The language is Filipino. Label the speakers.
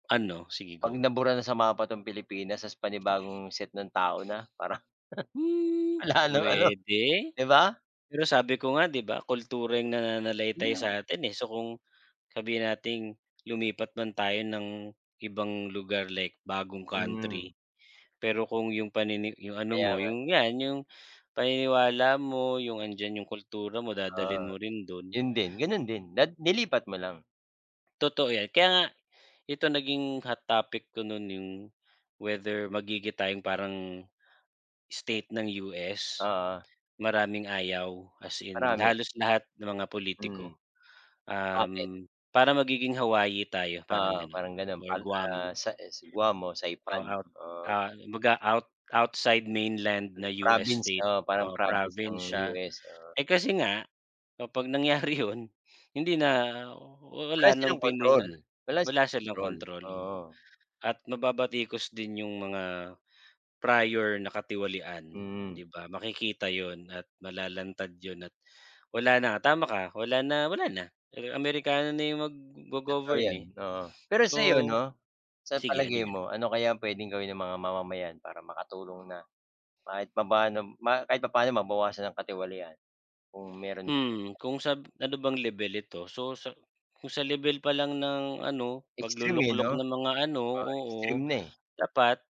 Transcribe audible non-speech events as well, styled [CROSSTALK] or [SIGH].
Speaker 1: Ano? Sige
Speaker 2: Pag
Speaker 1: go.
Speaker 2: nabura na sa mapa 'tong Pilipinas 'tas panibagong set ng tao na parang
Speaker 1: Hmm
Speaker 2: [CHUCKLES] wala nang ano,
Speaker 1: pwede,
Speaker 2: di ba?
Speaker 1: pero sabi ko nga di ba kultura yung
Speaker 2: Yun
Speaker 1: nananalaytay
Speaker 2: nga, eh.
Speaker 1: sa'tin eh. So, kung sabihin nating lumipat man tayo ng ibang lugar like bagong
Speaker 2: Hmm.
Speaker 1: country, pero kung yung panini yung ano
Speaker 2: Kaya
Speaker 1: mo
Speaker 2: nga.
Speaker 1: yung yan yung paniniwala mo, yung andiyan yung kultura mo dadalhin
Speaker 2: Ah,
Speaker 1: mo rin dun.
Speaker 2: yun din, ganun din dad nilipat mo lang.
Speaker 1: Totoo yan. Kaya nga ito naging hot topic ko nun yung whether magigita yong parang state ng US.
Speaker 2: Oo.
Speaker 1: Maraming ayaw, as in,
Speaker 2: Marami.
Speaker 1: halos lahat ng mga pulitiko.
Speaker 2: Hmm, bakit?
Speaker 1: Uhm, parang magiging Hawaii tayo parang
Speaker 2: Oo,
Speaker 1: ganon
Speaker 2: parang ganun,
Speaker 1: or
Speaker 2: pal ah
Speaker 1: Guam.
Speaker 2: sa, eh, sa Guam o Saipan,
Speaker 1: Oh at
Speaker 2: oo.
Speaker 1: ah, kumbaga out outside mainland na US
Speaker 2: Province,
Speaker 1: state
Speaker 2: eh, parang
Speaker 1: o
Speaker 2: province ng
Speaker 1: province siya.
Speaker 2: US, oo.
Speaker 1: Eh, kasi nga kapag nangyari yun hindi na, oh, oh
Speaker 2: Wala
Speaker 1: wala nang
Speaker 2: silang kontrol
Speaker 1: piningan,
Speaker 2: wala
Speaker 1: wala
Speaker 2: silang
Speaker 1: silang
Speaker 2: kontrol,
Speaker 1: kontrol, oo
Speaker 2: oo.
Speaker 1: at mababatikos din yung mga prior na katiwalian,
Speaker 2: Hmm.
Speaker 1: di ba? Makikita yun at malalantad yun at wala na tama ka, wala na wala na. Amerikano na yung
Speaker 2: Totoo
Speaker 1: maggo-govern,
Speaker 2: yan,
Speaker 1: eh.
Speaker 2: oo. Pero sayo,
Speaker 1: So,
Speaker 2: no, sa
Speaker 1: sige ano
Speaker 2: palagay
Speaker 1: yun?
Speaker 2: mo ano kaya ang pwedeng gawin ng mga mamamayan para makatulong na kahit papaano ma kahit papaano mabawasan ang katiwalian? Kung meron man.
Speaker 1: Hmm, kung sab ano bang lebel ito? So, sa kung sa lebel pa lang ng ano
Speaker 2: Extreme, eh, no?
Speaker 1: paglu-luklok na mga ano
Speaker 2: Oo, extreme
Speaker 1: oo,
Speaker 2: na, eh.
Speaker 1: dapat.